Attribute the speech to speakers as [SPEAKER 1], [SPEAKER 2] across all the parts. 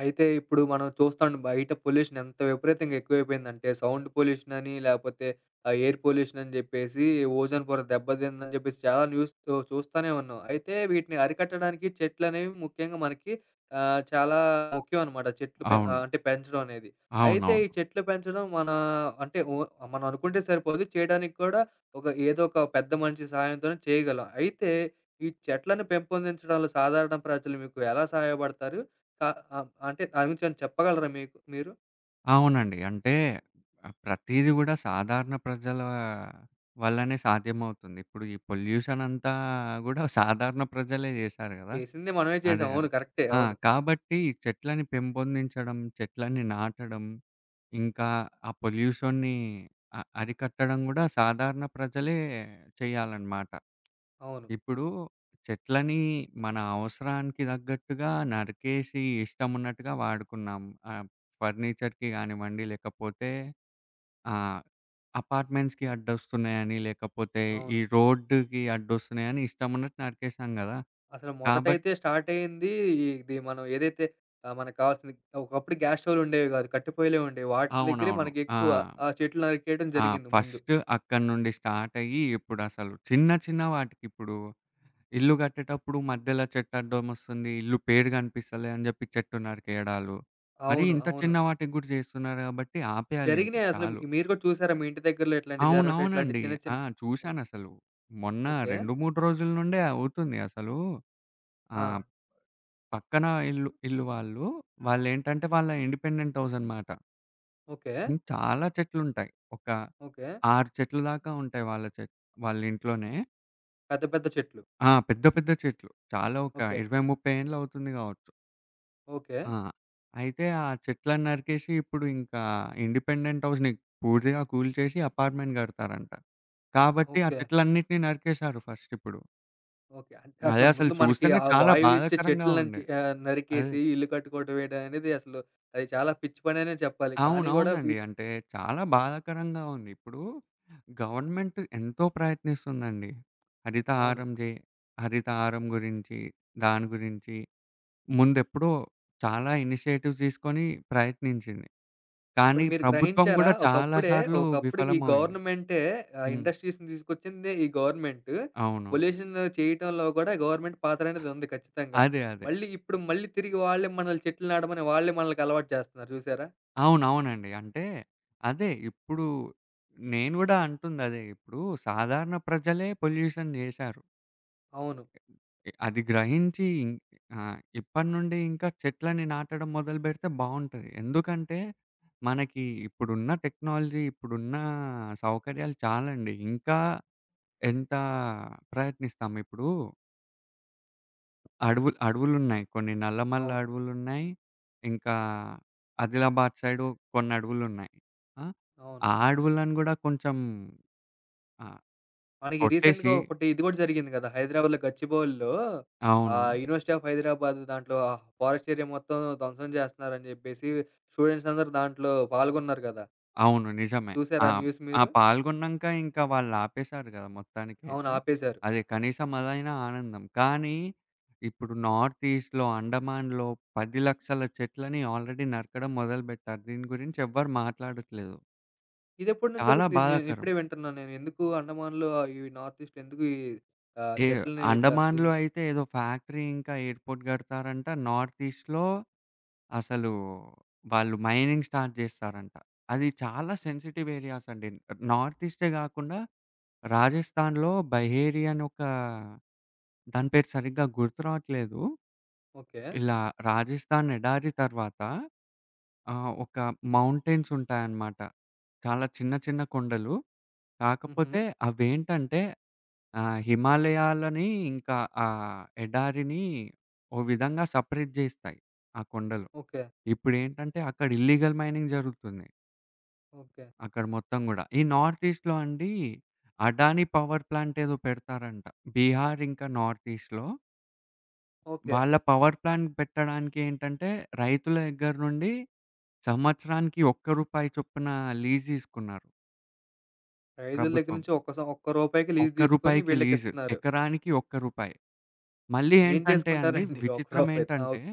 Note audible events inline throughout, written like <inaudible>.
[SPEAKER 1] అయితే ఇప్పుడు మనం చూస్తాను, బయట పొల్యూషన్ ఎంత విపరీతంగా ఎక్కువైపోయిందంటే, సౌండ్ పొల్యూషనని, లేకపోతే ఆహ్, ఎయిర్ పొల్యూషనని చెప్పేసి, ఓజోను పొర దెబ్బదిందని చెప్పేసి చాలా న్యూస్‌తో చూస్తానే ఉన్నాం. అయితే, వీటిని అరికట్టడానికి చెట్లనేవి ముఖ్యంగా మనకి ఆహ్, చాలా ముఖ్యమనమాట. చెట్లు పె
[SPEAKER 2] అవును.
[SPEAKER 1] అంటే పెంచడం అనేది. అయితే ఈ
[SPEAKER 2] అవునవును.
[SPEAKER 1] చెట్లు పెంచడం మన అంటే ఒ మనం అనుకుంటే సరిపోదు. చేయడానిక్కూడా ఒక ఏదో ఒక పెద్ద మనిషి సహాయంతోనే చేయగలం. అయితే, ఈ చెట్లను పెంపొందించడంలో సాధారణ ప్రజలు మీకు ఎలా సహాయపడతారు? అ అం అంటే దాని గురించి ఏవన్నా చెప్పగలరా మీకు మీరు?
[SPEAKER 2] అవునండి. అంటే, ఆ! ప్రతీది గూడా సాధారణ ప్రజల వల్లనే సాధ్యమవుతుంది. ఇప్పుడు ఈ పొల్యూషన్ అంతా గూడా సాధారణ ప్రజలే చేశారు కదా!
[SPEAKER 1] చేసింది మనమే
[SPEAKER 2] అదే,
[SPEAKER 1] చేసాం.
[SPEAKER 2] అదే.
[SPEAKER 1] అవును. కరెక్టే.
[SPEAKER 2] ఆ!
[SPEAKER 1] అవును.
[SPEAKER 2] కాబట్టి చెట్లని పెంపొందించడం, చెట్లని నాటడం. ఇంకా ఆ పొల్యూషన్‌ని అ అరికట్టడం కూడా సాధారణ ప్రజలే చేయాలనమాట.
[SPEAKER 1] అవును.
[SPEAKER 2] ఇప్పుడూ చెట్లని మన అవసరానికి తగ్గట్టుగా నరికేసి ఇష్టమున్నట్టుగా వాడుకున్నాం. ఆహ్, హ్మ్, ఫర్నిచర్‌కి గానివ్వండి, లేకపోతే ఆహ్, అపార్ట్‌మెంట్స్‌కి అడ్డొస్తున్నాయని, లేకపోతే ఈ
[SPEAKER 1] అవును.
[SPEAKER 2] రోడ్డు‌కి అడ్డొస్తున్నాయని ఇష్టమున్నట్టు నరికేశాం గదా!
[SPEAKER 1] అసలు
[SPEAKER 2] కాబట్
[SPEAKER 1] మొదటైతే స్టార్టయింది ఇ ఇది మనం ఏదైతే ఆహ్, మనక్కావాల్సింది అ ఒకప్పుడు గ్యాస్‌స్టౌ‌వులుండేవి గాదు. కట్టిపోయ్యలే ఉండేవి. వాటి దెగ్గరే
[SPEAKER 2] అవునవును.
[SPEAKER 1] మనకి
[SPEAKER 2] ఆ!
[SPEAKER 1] ఎక్కువ ఆ చెట్లు నరికేయడం
[SPEAKER 2] ఆ!
[SPEAKER 1] జరిగింది ముందు.
[SPEAKER 2] ఫస్టు అక్కడ్నుండి స్టార్టయ్యి, ఇప్పుడసలు చిన్న, చిన్న వాటికి ఇప్పుడు, ఇల్లు గట్టేటప్పుడు మధ్యలో చెట్టడ్డమొస్తుంది. ఇల్లు పేరు గనపిస్తలే అని జెప్పి చెట్టు నరికేయడాలు. మరీ
[SPEAKER 1] అవును.
[SPEAKER 2] ఇంత
[SPEAKER 1] అవును.
[SPEAKER 2] చిన్న వాటిగ్గూడా జేస్తున్నారు గాబట్టి ఆపేయాలింక
[SPEAKER 1] జరిగినాయసల మీ
[SPEAKER 2] చాలు.
[SPEAKER 1] మీరు గూడా చూసారా? మీ ఇంటి దగ్గరలో ఇట్లాంటియి జరగడం ఇట్లాంటియి
[SPEAKER 2] అవునవునండి.
[SPEAKER 1] చిన్న,
[SPEAKER 2] ఆ!
[SPEAKER 1] చిన్ ఒ
[SPEAKER 2] చూశానసలు. మొన్న
[SPEAKER 1] ఓకే.
[SPEAKER 2] 2, 3 రోజుల నుండే అవుతుంది అసలు ఆహ్,
[SPEAKER 1] ఆ!
[SPEAKER 2] హ్మ్, పక్కన ఇల్లు ఇల్లు వాళ్ళు, వాళ్ళేంటంటే వాళ్ళ ఇండిపెండెంట్ హౌసనమాట.
[SPEAKER 1] ఓకే.
[SPEAKER 2] హ్మ్. చాలా చెట్లుంటాయి. ఒక,
[SPEAKER 1] ఓకే.
[SPEAKER 2] 6 చెట్లు దాకా ఉంటాయి. వాళ్ళ చెట్ వాళ్ళ ఇంట్లోనే.
[SPEAKER 1] పెద్ద పెద్ద చెట్లు.
[SPEAKER 2] ఆ! పెద్ద పెద్ద చెట్లు. చాలా ఒక
[SPEAKER 1] ఓకే.
[SPEAKER 2] 20, 30 ఏండ్లవుతుంది గావచ్చు. ఆ!
[SPEAKER 1] ఓకే.
[SPEAKER 2] అయితే ఆ చెట్లని నరికేసి, ఇప్పుడు ఇంకా ఇండిపెండెంట్ హౌస్‌ని పూర్తిగా కూల్చేసి అపార్ట్మెంట్ గడతారంట. కాబట్టి ఆ
[SPEAKER 1] ఓకే.
[SPEAKER 2] చెట్లన్నిటిని నరికేశారు ఫస్టిప్పుడు.
[SPEAKER 1] ఓకే. అంటే
[SPEAKER 2] అదే
[SPEAKER 1] అసలు
[SPEAKER 2] అసలు
[SPEAKER 1] ముందు మనకి
[SPEAKER 2] చూస్తేనే
[SPEAKER 1] ఆ
[SPEAKER 2] చాలా
[SPEAKER 1] వాయువిచ్చే
[SPEAKER 2] బాధాకరంగా
[SPEAKER 1] చెట్ల నంచి
[SPEAKER 2] ఉండే.
[SPEAKER 1] ఆహ్,
[SPEAKER 2] అదే.
[SPEAKER 1] నరికేసి ఇల్లు కట్టుకోవడం వేయడం అనేది అసలు అది చాలా పిచ్చిపననే చెప్పాలి. కానీ కూడా వీ
[SPEAKER 2] అవునవునండి. అంటే చాలా బాధాకరంగా ఉంది. ఇప్పుడు గవర్నమెంట్ ఎంతో ప్రయత్నిస్తుందండి.
[SPEAKER 1] అవును.
[SPEAKER 2] హరితహారం జే హరితహారం గురించి, దాని గురించి ముందెప్పుడో చాలా ఇనిషియేటివ్స్ తీసుకొని ప్రయత్నించింది.
[SPEAKER 1] ఒకటి
[SPEAKER 2] కానీ
[SPEAKER 1] మీరు
[SPEAKER 2] ప్రభుత్వం
[SPEAKER 1] గ్రహించారా?
[SPEAKER 2] గూడా చాలా
[SPEAKER 1] ఒకప్పుడే
[SPEAKER 2] సార్లు
[SPEAKER 1] ఒకప్పుడు ఈ
[SPEAKER 2] విఫలమయింది.
[SPEAKER 1] గవర్నమెంటే ఆహ్,
[SPEAKER 2] హ్మ్.
[SPEAKER 1] ఇండస్ట్రీస్‌ని తీసుకొచ్చిందే ఈ గవర్నమెంటు.
[SPEAKER 2] అవును.
[SPEAKER 1] పొల్యూషను చేయటంలో కూడా గవర్నమెంట్ పాత్రనేదుంది ఖచ్చితంగా.
[SPEAKER 2] అదే. అదే.
[SPEAKER 1] మళ్ళీ ఇప్పుడు మళ్ళీ తిరిగి వాళ్ళే మనల్ని చెట్లు నాడమని వాళ్ళే మనలకలవాటు జేస్తున్నారు. చూసారా!
[SPEAKER 2] అవునవునండి. అంటే, అదే ఇప్పుడు నేను కూడా అంటుందదే. ఇప్పుడు సాధారణ ప్రజలే పొల్యూషన్ జేశారు.
[SPEAKER 1] అవును.
[SPEAKER 2] ఇ ఇ అది గ్రహించి ఇన్ ఆహ్, ఇప్పటి నుండి ఇంకా చెట్లని నాటడం మొదలుపెడితే బావుంటది. ఎందుకంటే మనకి ఇప్పుడున్న టెక్నాలజీ, ఇప్పుడున్న సౌకర్యాలు చాలండి. ఇంకా ఎంత ప్రయత్నిస్తాం, ఇప్పడూ అడవులు అడవులున్నాయి. కొన్ని నల్లమల్ల
[SPEAKER 1] అవును.
[SPEAKER 2] అడవులున్నాయి. ఇంకా ఆదిలాబాద్ సైడు కొన్ని అడువులున్నాయి. ఆ!
[SPEAKER 1] అవును.
[SPEAKER 2] ఆ అడవులను కూడా కొంచెం ఆ!
[SPEAKER 1] మనకి రీసెంట్‌గా
[SPEAKER 2] కొట్టేసి
[SPEAKER 1] ఒకటి ఇది కూడా జరిగింది కదా! హైదరాబాద్‌లో గచ్చిబౌలీలో ఆహ్,
[SPEAKER 2] అవును.
[SPEAKER 1] యూనివర్సిటీ ఆఫ్ హైదరాబాదు దాంట్లో ఆ ఫారెస్ట్ ఏరియా మొత్తం ధ్వంసం చేస్తరని చెప్పేసి స్టూడెంట్స్ అందరూ దాంట్లో పాల్గొన్నారు కదా!
[SPEAKER 2] అవును. నిజమే. ఆ!
[SPEAKER 1] చూసారా ఆ న్యూస్
[SPEAKER 2] ఆ
[SPEAKER 1] మీరు?
[SPEAKER 2] పాల్గొన్నంక ఇంకా వాళ్ళు ఆపేశారు గదా!
[SPEAKER 1] అవును.
[SPEAKER 2] మొత్తానికైితే.
[SPEAKER 1] ఆపేశారు.
[SPEAKER 2] అదే కనీసం అదైనా ఆనందం. కానీ ఇప్పుడు నార్త్ ఈస్ట్‌లో, అండమాన్‌‌లో 10 లక్షల చెట్లని ఆల్రెడీ నరకడం మొదలుపెట్టారు. దీని గురించి ఎవ్వరు మాట్లాడట్లేదు.
[SPEAKER 1] ఇదెప్పటి నుండి
[SPEAKER 2] చాలా
[SPEAKER 1] జరుగుతుంది? నేను
[SPEAKER 2] బాధాకరం.
[SPEAKER 1] ఇప్పుడే వింటున్నాను నేను ఎందుకు అండమాన్‌లో అవి నార్త్ ఈస్ట్‌లో ఎందుకు ఈ ఆహ్,
[SPEAKER 2] ఏహ్!
[SPEAKER 1] చెట్లని ఇట్లా ఇది
[SPEAKER 2] అండమాన్‌లో అయితే ఏదో ఫ్యాక్టరీ ఇంకా ఎయిర్‌పోర్ట్ గడతారంట. నార్త్ ఈస్ట్‌లో అసలు వాళ్ళు మైనింగ్ స్టార్ట్ చేస్తారంట. అది చాలా సెన్సిటివ్ ఏరియాస్ అండి. నార్త్ ఈస్టే కాకుండా, రాజస్థాన్‌లో బహేరి అని ఒక దాని పేరు సరిగ్గా గుర్తు రావట్లేదు.
[SPEAKER 1] ఓకే.
[SPEAKER 2] ఇలా రాజస్థాన్ ఎడారి తర్వాత, ఆహ్, ఒక మౌంటెన్స్ ఉంటాయన్నమాట. చాలా చిన్న చిన్న కొండలు. కాకపోతే
[SPEAKER 1] హుహు.
[SPEAKER 2] అవేంటంటే ఆహ్, హిమాలయాలని ఇంకా ఆ ఎడారిని ఓ విధంగా సపరేట్ జేస్తాయి ఆ కొండలు.
[SPEAKER 1] ఓకే.
[SPEAKER 2] ఇప్పుడేంటంటే అక్కడ ఇల్లీగల్ మైనింగ్ జరుగుతోంది.
[SPEAKER 1] ఓకే.
[SPEAKER 2] అక్కడ మొత్తం గూడా ఈ నార్త్ ఈస్ట్‌లో అండి. అడానీ పవర్ ప్లాంట్ ఏదో పెడతారంట. బీహార్ ఇంకా నార్త్ ఈస్ట్‌లో
[SPEAKER 1] ఓకే.
[SPEAKER 2] వాళ్ళ పవర్ ప్లాంట్ పెట్టడానికేంటంటే, రైతుల దగ్గర నుండి సంవత్సరానికి ఒక్క రూపాయి చొప్పున లీజ్ తీసుకున్నారు.
[SPEAKER 1] రైతుల దగ్గర
[SPEAKER 2] ప్రభుత్వం.
[SPEAKER 1] నుంచి ఒక్క సో ఒక్క రూపాయికి లీజు
[SPEAKER 2] ఒక్క
[SPEAKER 1] తీసుకొని,
[SPEAKER 2] రూపాయికి లీజు,
[SPEAKER 1] వీళ్ళకిస్తున్నారు.
[SPEAKER 2] ఎకరానికి ఒక్క రూపాయి. మళ్ళీ
[SPEAKER 1] ఏం
[SPEAKER 2] ఏంటంటే అండి,
[SPEAKER 1] చేసుకుంటారండి ఒక్క
[SPEAKER 2] విచిత్రం
[SPEAKER 1] రూపాయితో ఆ
[SPEAKER 2] ఏంటంటే,
[SPEAKER 1] ఒక్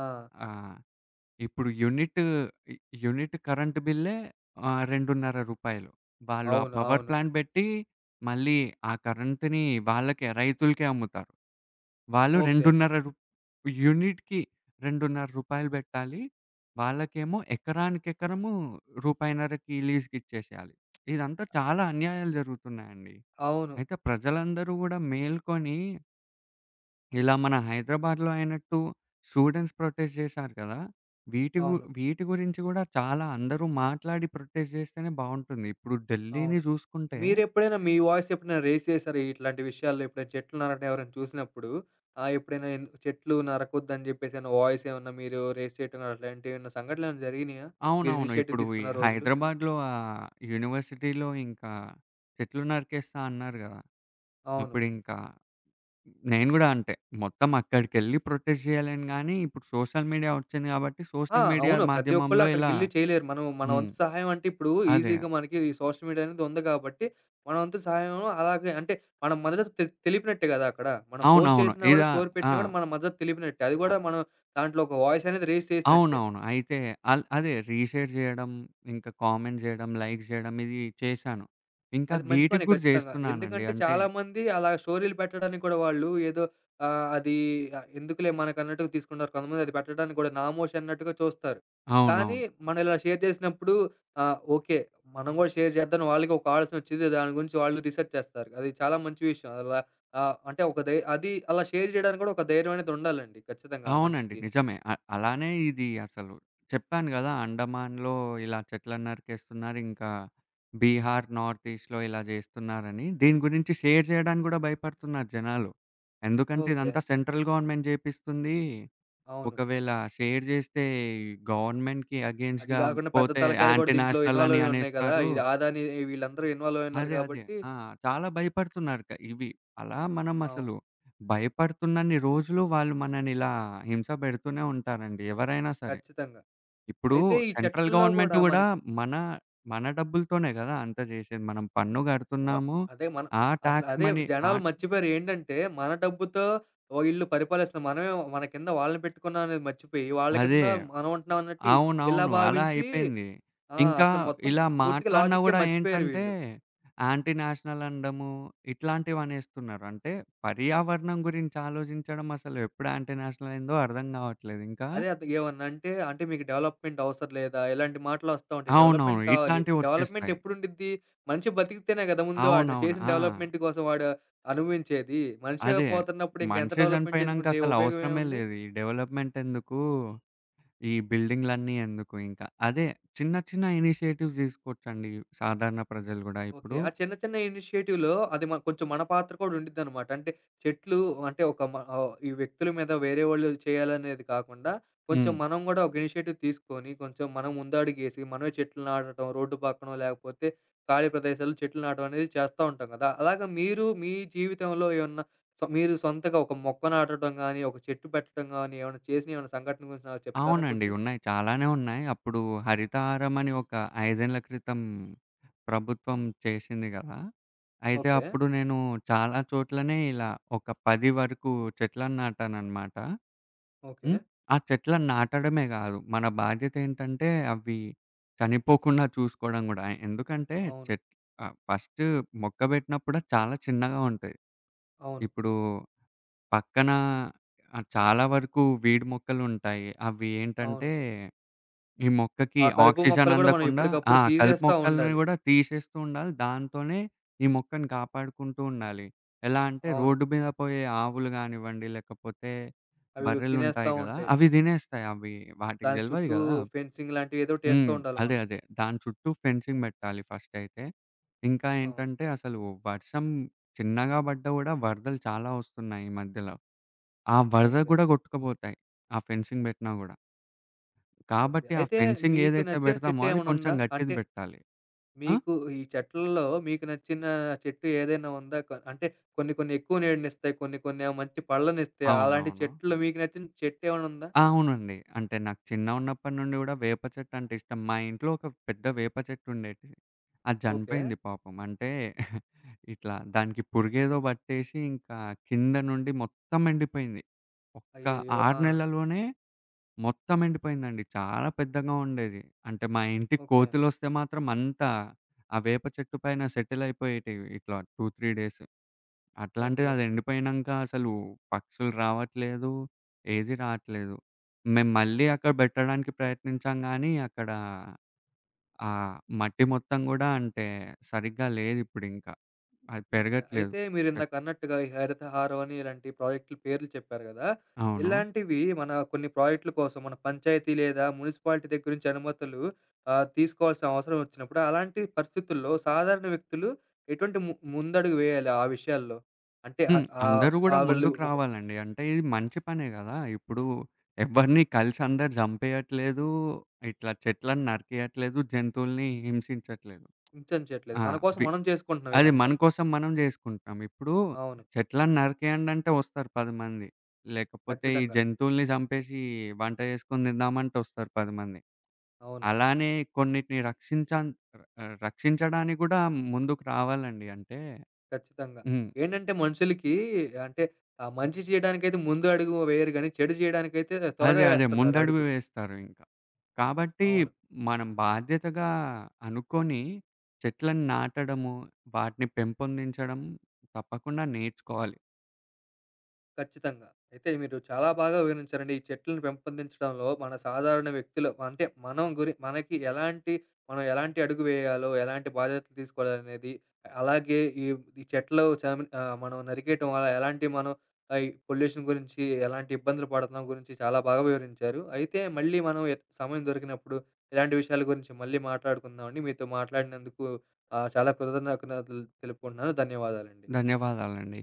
[SPEAKER 1] ఆ!
[SPEAKER 2] ఆహ్, ఇప్పుడు యూనిట్ యూనిట్ కరెంట్ బిల్లే ఆహ్, రూ. 2.30 వాళ్ళు ఆ
[SPEAKER 1] అవును.
[SPEAKER 2] పవర్
[SPEAKER 1] అవును.
[SPEAKER 2] ప్లాంట్ బెట్టి, మళ్ళీ ఆ కరెంట్‌ని వాళ్ళకే, రైతులకే అమ్ముతారు. వాళ్ళు
[SPEAKER 1] ఓకే.
[SPEAKER 2] రూ. 2.30 రూ యూనిట్‌కి రూ. 2.30 బెట్టాలి. వాళ్ళకేమో ఎకరానికి ఎకరము రూ. 1.5కి లీజ్‌కిచ్చేశేయాలి. <smacks lips> ఇదంతా చాలా అన్యాయాలు జరుగుతున్నాయండి.
[SPEAKER 1] అవును.
[SPEAKER 2] అయితే ప్రజలందరూ గూడా మేల్కొని ఇలా మన హైదరాబాద్లో అయినట్టు స్టూడెంట్స్ ప్రొటెస్ట్ చేశారు గదా! వీటి గు
[SPEAKER 1] అవును.
[SPEAKER 2] వీటి గురించి గూడా చాలా అందరూ మాట్లాడి ప్రొటెస్ట్ జేస్తేనే బావుంటుంది. ఇప్పుడు ఢిల్లీని
[SPEAKER 1] అవును.
[SPEAKER 2] జూసుకుంటే
[SPEAKER 1] మీరెప్పుడైనా మీ వాయిస్ ఎప్పుడైనా రెయిస్ చేసారా ఇట్లాంటి విషయాల్లో? ఎప్పుడైనా చెట్లు నరకడం ఎవరైనా చూసినప్పుడు, ఆహ్, ఎప్పుడైనా ఎందు చెట్లు నరకొద్దని జెప్పేసని వాయిస్ ఏమన్నా మీరు రెయిస్ చేయటం అట్లాంటివేమన్నా సంఘటలేమన్నా జరిగినియా? మీరు
[SPEAKER 2] అవునవును.
[SPEAKER 1] ఇనీషియేటివ్
[SPEAKER 2] ఇప్పుడు ఈ
[SPEAKER 1] తీసుకున్న రోజులు?
[SPEAKER 2] హైదరాబాద్లో ఆ యూనివర్సిటీలో ఇంకా చెట్లు నరికేస్తా అన్నారు గదా!
[SPEAKER 1] అవును.
[SPEAKER 2] అప్పుడింకా నేను గూడా అంటే.మొత్తం అక్కడికెళ్ళి ప్రొటెస్ట్ జేయలేను గానీ, ఇప్పుడు సోషల్ మీడియా ఒచ్చింది గాబట్టి,
[SPEAKER 1] ఆ!
[SPEAKER 2] సోషల్ మీడియా
[SPEAKER 1] అవును. ప్రతి ఒక్కళ్ళు
[SPEAKER 2] మాధ్యమంలో ఇలా
[SPEAKER 1] అక్కడికెళ్లి చేయలేరు. మనం మన
[SPEAKER 2] హ్మ్.
[SPEAKER 1] వంతు సహాయం అంటే ఇప్పుడు,
[SPEAKER 2] అదే.
[SPEAKER 1] ఈజీగా మనకి ఈ సోషల్ మీడియా అనేది ఉంది గాబట్టి, మన వంతు సహాయం అలాగే అంటే, మన మద్దతు తె తెలిపినట్టే గదా! అక్కడ. మనం పోస్ట్
[SPEAKER 2] అవునవును.
[SPEAKER 1] చేసినా గూడా,
[SPEAKER 2] ఇలా
[SPEAKER 1] స్టోరీ
[SPEAKER 2] ఆ!
[SPEAKER 1] పెట్టినా గూడా, మన మద్దతు తెలిపినట్టే. అది
[SPEAKER 2] ఆ
[SPEAKER 1] గూడా మనం దాంట్లో ఒక వాయిస్ అనేది రెయిస్ చేసినట్టే.
[SPEAKER 2] అవునవును. అయితే అల్ అదే రీషేర్ చేయడం, ఇంకా కామెంట్ జేయడం లైక్ జేయడం ఇది చేశాను. ఇంకా
[SPEAKER 1] అది మంచి
[SPEAKER 2] వీటికి
[SPEAKER 1] పనే
[SPEAKER 2] గూడా
[SPEAKER 1] ఖచ్చితంగా.
[SPEAKER 2] జేస్తున్నానండి.
[SPEAKER 1] ఎందుకంటే,
[SPEAKER 2] అంటే
[SPEAKER 1] చాలామంది అలా స్టోరీలు పెట్టడానికి కూడా వాళ్ళు ఏదో ఆహ్, అది ఎందుకులే మనకన్నట్టుగా తీసుకుంటారు. కొంతమంది అది పెట్టడానికి గూడా నామోషి అన్నట్టుగా చూస్తారు. కానీ
[SPEAKER 2] అవునవును.
[SPEAKER 1] మనం ఇలా షేర్ జేసినప్పుడు ఆ! ఓకే. మనం గూడా షేర్ జేద్దామని వాళ్ళకి ఒక ఆలోచన ఒచ్చిద్ది. దాని గురించి వాళ్ళు రీసెర్చ్ చేస్తారు. అది చాలా మంచి విషయం. అలా ఆహ్, అంటే ఒక ధై అది అలా షేర్ చేయడానికి కూడా ఒక ధైర్యం అనేది ఉండాలండి ఖచ్చితంగా
[SPEAKER 2] అవునండి.
[SPEAKER 1] మనిషికి.
[SPEAKER 2] నిజమే. అ అలానే ఇది అసలు. చెప్పాను గదా! అండమాన్‌లో ఇలా చెట్లన్నరికేస్తున్నారు. ఇంకా బీహార్ నార్త్ ఈస్ట్‌లో ఇలా చేస్తున్నారని. దీని గురించి షేర్ జేయడానికి గూడా భయపడుతున్నారు జనాలు. ఎందుకంటే
[SPEAKER 1] ఓకే.
[SPEAKER 2] ఇదంతా సెంట్రల్ గవర్నమెంట్ జేపిస్తుంది.
[SPEAKER 1] అవును.
[SPEAKER 2] ఒకవేళ షేర్ జేస్తే గవర్నమెంట్‌కి
[SPEAKER 1] అది
[SPEAKER 2] అగెయిన్స్ట్‌గా
[SPEAKER 1] గాకుండా పెద్ద
[SPEAKER 2] పోతే
[SPEAKER 1] తలకాయాలు గూడా,
[SPEAKER 2] యాంటి
[SPEAKER 1] దీంట్లో
[SPEAKER 2] నేషనల్ అని
[SPEAKER 1] ఇన్వాల్వయ్యి ఉన్నాయి గదా!
[SPEAKER 2] అనేస్తారు.
[SPEAKER 1] ఇది ఆదాని వీళ్ళందరూ ఇన్వాల్వయి ఉన్నారు
[SPEAKER 2] అదే. అదే.
[SPEAKER 1] గాబట్టి
[SPEAKER 2] ఆ! చాలా భయపడుతున్నారు. క ఇవి అలా మనం అసలు
[SPEAKER 1] అవును.
[SPEAKER 2] భయపడుతున్నన్ని రోజులు వాళ్ళు, మనని ఇలా హింస పెడుతూనే ఉంటారండి ఎవరైనా సరే.
[SPEAKER 1] ఖచ్చితంగా.
[SPEAKER 2] ఇప్పుడూ
[SPEAKER 1] అయితే ఈ
[SPEAKER 2] సెంట్రల్
[SPEAKER 1] చెట్లలో
[SPEAKER 2] గవర్నమెంట్
[SPEAKER 1] గూడా
[SPEAKER 2] గూడా
[SPEAKER 1] మనకి
[SPEAKER 2] మన, మన డబ్బులతోనే గదా! అంత జేశేది. మనం పన్ను
[SPEAKER 1] ఓ
[SPEAKER 2] కడుతున్నాము.
[SPEAKER 1] అదే మన
[SPEAKER 2] ఆ
[SPEAKER 1] అసలు
[SPEAKER 2] టాక్స్
[SPEAKER 1] అదే.
[SPEAKER 2] మనీ ఆ
[SPEAKER 1] జనాలు మర్చిపోయారు. ఏంటంటే, మన డబ్బుతో ఓ ఈల్లు పరిపాలిస్తున్న మనమేమో మన కింద వాళ్ళని పెట్టుకున్నాం అనేది మర్చిపోయి, వాళ్ళ
[SPEAKER 2] అదే.
[SPEAKER 1] కింద మనం ఉంటున్నాం అన్నట్టు ఇ ఇలా
[SPEAKER 2] అవునవును. అలా
[SPEAKER 1] భావించి
[SPEAKER 2] అయిపోయింది.
[SPEAKER 1] ఆ!
[SPEAKER 2] ఇంకా
[SPEAKER 1] అసలు మొత్తం
[SPEAKER 2] ఇలా
[SPEAKER 1] పూర్తిగా
[SPEAKER 2] మాట్లాడినా
[SPEAKER 1] లాజికే
[SPEAKER 2] గూడా
[SPEAKER 1] మర్చిపోయారు
[SPEAKER 2] ఏంటంటే
[SPEAKER 1] వీళ్ళు.
[SPEAKER 2] యాంటీ నేషనల్ అనడము, ఇట్లాంటివనేస్తున్నారు. అంటే పర్యావరణం గురించి ఆలోచించడం, అసలు ఎప్పుడు యాంటి నేషనల్ అయిందో అర్థం గావట్లేదు ఇంకా
[SPEAKER 1] అదే అద్ ఏమన్నా అంటే, అంటే మీకు డెవలపప్‌మెంట్ అవసరం లేదా? ఇలాంటి మాటలొస్తా ఉంటాయి. డెవలపప్‌మెంట్
[SPEAKER 2] అవునవును.
[SPEAKER 1] కావాలి. డెవలపప్‌మెంట్
[SPEAKER 2] ఇట్లాంటివొచ్చేస్తాయి.
[SPEAKER 1] ఎప్పుడుండిద్ది? మనిషి బతికితేనే కదా! ముందు ఆడు
[SPEAKER 2] అవునవును.
[SPEAKER 1] చేసిన
[SPEAKER 2] ఆ!
[SPEAKER 1] డెవలపప్‌మెంట్ కోసం వాడు అనుభవించేది. మనిషే
[SPEAKER 2] అదే.
[SPEAKER 1] పోతున్నప్పుడు ఇంక ఎంత
[SPEAKER 2] మనిషే
[SPEAKER 1] డెవలపప్‌మెంట్
[SPEAKER 2] చనిపోయినాంక
[SPEAKER 1] చేసుకుంటే, ఏ
[SPEAKER 2] అసలు
[SPEAKER 1] ఉపయోగం
[SPEAKER 2] అవసరమే
[SPEAKER 1] ఏముంది?
[SPEAKER 2] లేదు. ఈ డెవలప్‌మెంట్ ఎందుకు? ఈ బిల్డింగ్లన్నీ ఎందుకు ఇంక? అదే చిన్న చిన్న ఇనిషియేటివ్స్ తీసుకోవచ్చండి సాధారణ ప్రజలు గూడా
[SPEAKER 1] ఓకే.
[SPEAKER 2] ఇప్పుడు
[SPEAKER 1] ఆ చిన్న, చిన్న ఇనిషియేటివ్‌లో అది మ కొంచెం మన పాత్ర కూడా ఉడిద్దనమాట. అంటే చెట్లు అంటే, ఒక మ ఆహ్, ఈ వ్యక్తుల మీద, వేరే వాళ్ళు చేయాలనేది కాకుండా, కొంచెం
[SPEAKER 2] హ్మ్.
[SPEAKER 1] మనం గూడా ఒక ఇనిషియేటివ్ తీసుకొని కొంచెం మనం ముందడిగేసి, మనమే చెట్లు నాటటం, రోడ్డు పక్కనో, లేకపోతే ఖాళీ ప్రదేశాలు చెట్లు నాటడం అనేది చేస్తా ఉంటాం గదా! అలాగా మీరు మీ జీవితంలో ఏమన్నా సొ మీరు సొంతగా ఒక మొక్క నాటటం గాని, ఒక చెట్టు పెట్టటం గాని, ఏమన్నా చేసిన ఏమైనా సంఘటన గురించి నాకు చెప్తారా
[SPEAKER 2] అవునండి.
[SPEAKER 1] కొంచెం?
[SPEAKER 2] ఉన్నాయి. చాలానే ఉన్నాయి. అప్పుడు హరితహరం అని ఒక 5 ఏండ్ల క్రితం ప్రభుత్వం చేశింది గదా! అయితే
[SPEAKER 1] ఓకే.
[SPEAKER 2] అప్పుడు నేను చాలా చోట్లనే ఇలా ఒక 10 వరకు చెట్లను నాటాననమాట.
[SPEAKER 1] ఓకే.
[SPEAKER 2] హ్మ్. ఆ చెట్లని నాటడమే కాదు. మన బాధ్యతేంటంటే, అవి చనిపోకుండా చూసుకోవడం గూడా. ఎందుకంటే
[SPEAKER 1] అవును.
[SPEAKER 2] చెట్ ఆహ్, ఫస్ట్ మొక్క పెట్టినప్పుడే చాలా చిన్నగా ఉంటాయి.
[SPEAKER 1] అవును.
[SPEAKER 2] ఇప్పుడు పక్కనా ఆహ్, చాలా వరకు వీడ్ మొక్కలుంటాయి. అవి
[SPEAKER 1] అవును.
[SPEAKER 2] ఏంటంటే, ఈ మొక్కకి
[SPEAKER 1] ఆ కలుపు
[SPEAKER 2] ఆక్సిజన్
[SPEAKER 1] మొక్కలు గూడా మనం
[SPEAKER 2] అందకుండా ఆ!
[SPEAKER 1] ఎప్పటికప్పుడు
[SPEAKER 2] కలుపు
[SPEAKER 1] తీసేస్తా
[SPEAKER 2] మొక్కల్ని
[SPEAKER 1] ఉండాలి.
[SPEAKER 2] గూడా తీసేస్తూ ఉండాలి. దాంతోనే ఈ మొక్కని కాపాడుకుంటూ ఉండాలి. ఎలా అంటే
[SPEAKER 1] అవును.
[SPEAKER 2] రోడ్డు మీద పోయే ఆవులు గానివ్వండి, లేకపోతే
[SPEAKER 1] అవి తినేస్తా
[SPEAKER 2] బర్రెలుంటాయి గదా!
[SPEAKER 1] ఉంటాయి.
[SPEAKER 2] అవి తినేస్తాయి. అవి వాటికి
[SPEAKER 1] దాని
[SPEAKER 2] తెల్వది
[SPEAKER 1] చుట్టూ
[SPEAKER 2] గదా!
[SPEAKER 1] ఫెన్సింగ్‌ లాంటివి ఏదో ఒకటేస్తూ
[SPEAKER 2] హ్మ్.
[SPEAKER 1] ఉండాలి
[SPEAKER 2] అదే.
[SPEAKER 1] మనం.
[SPEAKER 2] అదే. దాని చుట్టూ ఫెన్సింగ్ పెట్టాలి ఫస్టయితే. ఇంకా
[SPEAKER 1] అవును.
[SPEAKER 2] ఏంటంటే, అసలు వర్షం చిన్నగా బడ్డ గూడా, వరదలు చాలా వస్తున్నాయి ఈ మధ్యలో. ఆ వరదకు
[SPEAKER 1] ఓకే.
[SPEAKER 2] గూడా గొట్టుకపోతాయి. ఆ ఫెన్సింగ్ పెట్టినా గూడా.
[SPEAKER 1] ఓకే.
[SPEAKER 2] కాబట్టి ఆ
[SPEAKER 1] అయితే
[SPEAKER 2] ఫెన్సింగ్
[SPEAKER 1] మీకు
[SPEAKER 2] ఏదైతే
[SPEAKER 1] నచ్చిన
[SPEAKER 2] బెడతామో
[SPEAKER 1] చెట్టు
[SPEAKER 2] అది
[SPEAKER 1] ఏమన్నా
[SPEAKER 2] కొంచెం
[SPEAKER 1] ఉందా?
[SPEAKER 2] గట్టిది
[SPEAKER 1] అంటే?
[SPEAKER 2] బెట్టాలి. ఆ?
[SPEAKER 1] మీకు ఈ చెట్లలో మీకు నచ్చిన చెట్టు ఏదైనా ఉందా? కొ అంటే కొన్ని, కొన్ని ఎక్కువ నీడినిస్తాయి. కొన్ని కొన్నేమో మంచి పళ్ళనిస్తాయి. అలాంటి
[SPEAKER 2] అవునవును.
[SPEAKER 1] చెట్లో మీకు నచ్చిన చెట్టు ఏమన్నా ఉందా?
[SPEAKER 2] అవునండి. అంటే నాకు చిన్నగున్నప్పటి నుండి గూడా వేప చెట్టంటే ఇష్టం. మా ఇంట్లో ఒక పెద్ద వేప చెట్టుండేటిది. అది
[SPEAKER 1] ఓకే.
[SPEAKER 2] జనిపోయింది పాపం. అంటే <chuckles> ఇట్లా దానికి పురుగేదో బట్టేసి, ఇంకా కింద నుండి మొత్తం ఎండిపోయింది. ఒక్క
[SPEAKER 1] అయ్యయ్యో!
[SPEAKER 2] 6
[SPEAKER 1] ఆ!
[SPEAKER 2] నెలలోనే మొత్తం ఎండిపోయిందండి. చాలా పెద్దగా ఉండేది. అంటే మా ఇంటికి
[SPEAKER 1] ఓకే.
[SPEAKER 2] కోతులు వస్తే మాత్రం అంత, ఆ వేప చెట్టు పైన సెటిల్ అయిపోయేటివి ఇట్లా 2, 3 డేస్.
[SPEAKER 1] ఓకే.
[SPEAKER 2] అట్లాంటిదది ఎండిపోయినంక అసలు, పక్షులు రావట్లేదు. ఏది రాట్లేదు. మేము మళ్ళీ
[SPEAKER 1] ఓకే.
[SPEAKER 2] అక్కడ బెట్టడానికి ప్రయత్నించాంగానీ అక్కడ ఆ మట్టి మొత్తం కూడా అంటే, సరిగ్గా లేదిప్పుడింకా. అది
[SPEAKER 1] ఓకే.
[SPEAKER 2] పెరగట్లేదు.
[SPEAKER 1] అయితే
[SPEAKER 2] అక్
[SPEAKER 1] మీరిందాక అన్నట్టుగా ఈ హరితహారం అని ఇలాంటి ప్రాజెక్ట్లు పేర్లు చెప్పారు గదా!
[SPEAKER 2] అవును.
[SPEAKER 1] ఇలాంటివి మన కొన్ని ప్రాజెక్ట్ల కోసం మన పంచాయతీ లేదా మున్సిపాలిటీ దగ్గరి నించి అనుమతులు ఆహ్, తీసుకోవాల్సిన అవసరం ఒచ్చినప్పుడు, అలాంటి పరిస్థితుల్లో సాధారణ వ్యక్తులు ఎటువంటి ము ముందడుగు వేయాలి ఆ విషయాల్లో? అంటే
[SPEAKER 2] హ్మ్.
[SPEAKER 1] ఆహ్, ఆహ్,
[SPEAKER 2] అందరూ గూడా
[SPEAKER 1] ఆ వాళ్ళు
[SPEAKER 2] ముందుకు
[SPEAKER 1] ఒక
[SPEAKER 2] రావాలండి. అంటే ఇది మంచి పనే గదా! ఇప్పుడు ఎవ్వరిని కలిసందరూ జంపేయట్లేదు. ఇట్లా చెట్లను నరికియట్లేదు. జంతువుల్ని హింసించట్లేదు.
[SPEAKER 1] హింసించట్లేదు.
[SPEAKER 2] ఆ!
[SPEAKER 1] మనకోసం
[SPEAKER 2] వి
[SPEAKER 1] మనం చేసుకుంటున్నాం
[SPEAKER 2] అది
[SPEAKER 1] ఇదంతా.
[SPEAKER 2] మన కోసం మనం జేసుకుంటాం. ఇప్పుడు
[SPEAKER 1] అవును.
[SPEAKER 2] చెట్లని నరికేయండంటే, ఒస్తారు 10 మంది. లేకపోతే, ఈ
[SPEAKER 1] ఖచ్చితంగా.
[SPEAKER 2] జంతువుల్ని చంపేశి వంట చేేసుకొని తిందామంటె వస్తారు 10 మంది.
[SPEAKER 1] అవును.
[SPEAKER 2] అలానే కొన్నిటిని రక్షించాం ఆహ్, రక్షించడానికి గూడా ముందుకు రావాలండి. అంటే
[SPEAKER 1] ఖచ్చితంగా.
[SPEAKER 2] హ్మ్.
[SPEAKER 1] ఏంటంటే, మనుషులకి అంటే ఆహ్, మంచి చేయడానికైతే ముందు అడుగు వేయరు గానీ, చెడు చేయడానికైతే
[SPEAKER 2] అదే.
[SPEAKER 1] త్వరగా
[SPEAKER 2] అదే.
[SPEAKER 1] వేస్తున్నారు
[SPEAKER 2] ముందడుగు
[SPEAKER 1] అడుగు.
[SPEAKER 2] వేస్తారు ఇంకా. కాబట్టి
[SPEAKER 1] అవును.
[SPEAKER 2] మనం బాధ్యతగా అనుకోని చెట్లను నాటడము, వాటిని పెంపొందించడం. తప్పకుండా నేర్చుకోవాలి.
[SPEAKER 1] ఖచ్చితంగా. అయితే మీరు చాలా బాగా వివరించారండి. ఈ చెట్లను పెంపొందించడంలో మన సాధారణ వ్యక్తులు అంటే, మనం గురి మనకి ఎలాంటి మనం ఎలాంటి అడుగు వేయాలో, ఎలాంటి బాధ్యతలు తీసుకోవాలనేది అలాగే ఈ ఈ చెట్లు చనిమి ఆహ్, మనం నరికేయటం అలా ఎలాంటి మనం ఆహ్, ఈ పొల్యూషన్ గురించి, ఎలాంటి ఇబ్బందులు పడుతున్నాం గురించి, చాలా బాగా వివరించారు. అయితే మళ్ళీ మనం ఎ సమయం దొరికినప్పుడు ఇలాంటి విషయాల గురించి మళ్ళీ మాట్లాడుకుందామండి. మీతో మాట్లాడినందుకు ఆహ్, చాలా కృతజ్ఞతలు తెలుపుకుంటున్నాను. ధన్యవాదాలండి.
[SPEAKER 2] ధన్యవాదాలండి.